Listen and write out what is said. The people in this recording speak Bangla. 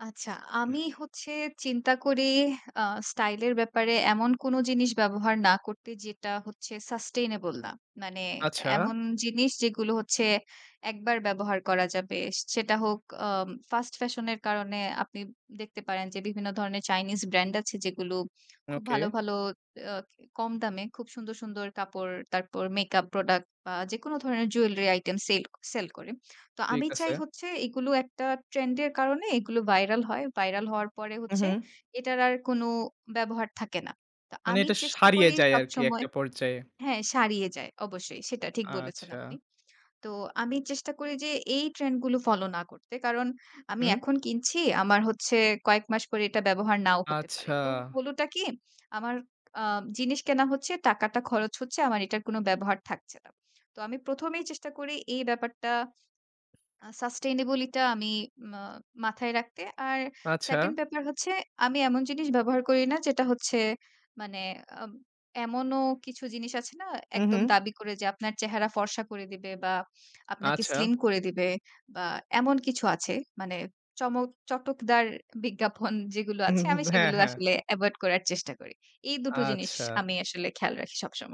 আচ্ছা আমি হচ্ছে চিন্তা করি আ স্টাইল এর ব্যাপারে এমন কোনো জিনিস ব্যবহার না করতে যেটা হচ্ছে Sustainable না। মানে আচ্ছা। এমন জিনিস যেগুলো হচ্ছে ১ বার ব্যবহার করা যাবে। সেটা হোক আ ফাস্ট ফ্যাশন এর কারণে আপনি দেখতে পারেন যে বিভিন্ন ধরনের চাইনিজ ব্র্যান্ড আছে যেগুলো খুব ওকে। ভালো, ভালো আ কম দামে খুব সুন্দর সুন্দর কাপড়, তারপর মেকআপ প্রোডাক্ট বা যেকোনো ধরনের জুয়েলারি আইটেম সেল সেল করে। তো ঠিক আমি আছে। চাই হচ্ছে এগুলো একটা ট্রেন্ড এর কারণে এগুলো ভাইরাল হয়। ভাইরাল হওয়ার পরে হু, হচ্ছে হু। এটার আর কোনো ব্যবহার থাকে না। তো মানে আমি এটা চেষ্টা সারিয়ে করি যায় আরকি সবসময় একটা পর্যায়ে। হ্যাঁ সারিয়ে যায়। অবশ্যই, সেটা ঠিক বলেছেন আপনি। আচ্ছা। তো আমি চেষ্টা করি যে এই ট্রেন্ড গুলো ফলো না করতে। কারণ আমি হুম। এখন কিনছি আমার হচ্ছে কয়েক মাস পরে এটা ব্যবহার নাও হতে পারে। আচ্ছা। তো হলোটা কি আমার আ জিনিস কেনা হচ্ছে, টাকাটা খরচ হচ্ছে। আমার এটার কোনো ব্যবহার থাকছে না। তো আমি ১ম ই চেষ্টা করি এই ব্যাপারটা Sustainable ই টা আমি মাথায় রাখতে আর আচ্ছা। 2nd ব্যাপার হচ্ছে আমি এমন জিনিস ব্যবহার করি না যেটা হচ্ছে মানে উম এমনও কিছু জিনিস আছে না হু, একদম হু। দাবি করে যে আপনার চেহারা ফর্সা করে দিবে বা আপনাকে আচ্ছা। স্লিম করে দিবে বা এমন কিছু আছে। মানে চমক, চটকদার বিজ্ঞাপন যেগুলো হু, হু, আছে হু। আমি ব হ্যাঁ, সেগুলো হ্যাঁ। আসলে এভয়েড করার চেষ্টা করি। এই দুটো জিনিস আচ্ছা। আমি আসলে খেয়াল রাখি সবসময়।